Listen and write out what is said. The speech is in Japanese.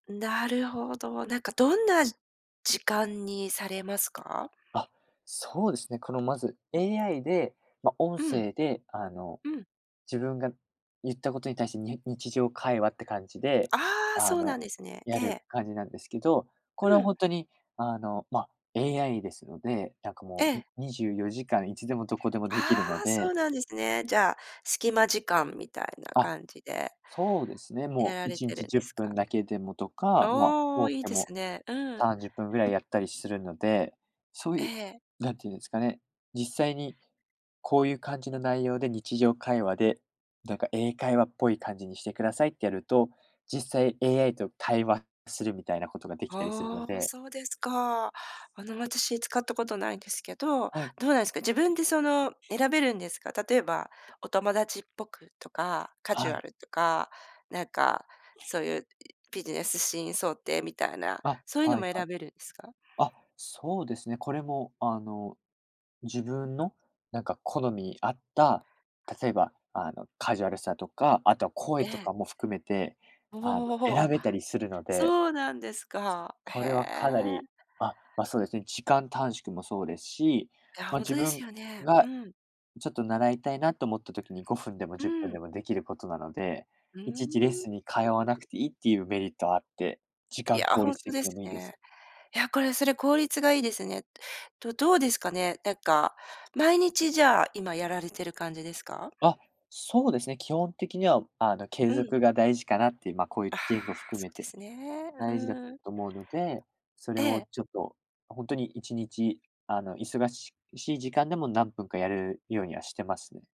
なるほど、何か、どんな時間にされますか？あ、そうですね、この、まず、AI で、ま、音うん。声で、あの、うん。自分が言った事に対して、に日常会話って感じで、ああ、あそうなの、んですね、えやるえ。感じなんですけど、これうはん。本当に、あの、ま、AI ですので、何か、えもえ。う24時間いつでも、どこでも出来るのああ、そでうなんですね、じゃあ、スキマ時間みたいなあ、感じで。そうですね、やもらういれちにてるちんじゅでっすぷんか？だけでも、とか、ま、おお、多く良いてでもすね、うん。30分位やったりするので、そうえ言うえ。何て言うんですかね、実際に、こう言う感じの内容で、日常会話で、何か、英会話っぽい感じにして下さいってやると、実際 AI と、会話するみたいな事が、出来たりするのああ、で。そうですか、あの、私、使った事無いんですけど、はい。どうなんですか。自分で、その、選べるんですか？例えば、お友達っぽくとか、カジはュアい。ルとか、何か、そう言うビジネスシーン想定みたいな、あ、そう言うのはいもは選い、べるんですか？あ、そうですね、これも、あの、自分の何か好みに合った、例えば、あの、カジュアルさとか、後は、声えとえ。かも含めて、あの、お選お、べたりするので。そうなんですか、こへれはかなり、え。まま、そうですね、時間短縮もそうですし、いや、ま、本当自です分よね、うが、ん。ちょっと習いたいなと思った時に、5分でも、う10分ん。でも、出来る事なので、ふういちいちレッん。スンに通わなくて良いって言うメリットはあって、時い間や、効本率当的ですでも良いです。ね、いや、これ、それ効率が良いですね、どどうですかね？何か、毎日じゃあ、今やられてる感じですか？あ、そうですね、基本的には、あの、継うん。続が大事かなって言う、ま、こう言あうあ、言語を含そめうでて、すね、う大事だん。と思うので、それえをえ。ちょっと、本当に1日、あの、忙しい時間でも、何分かやるようにはしてますね。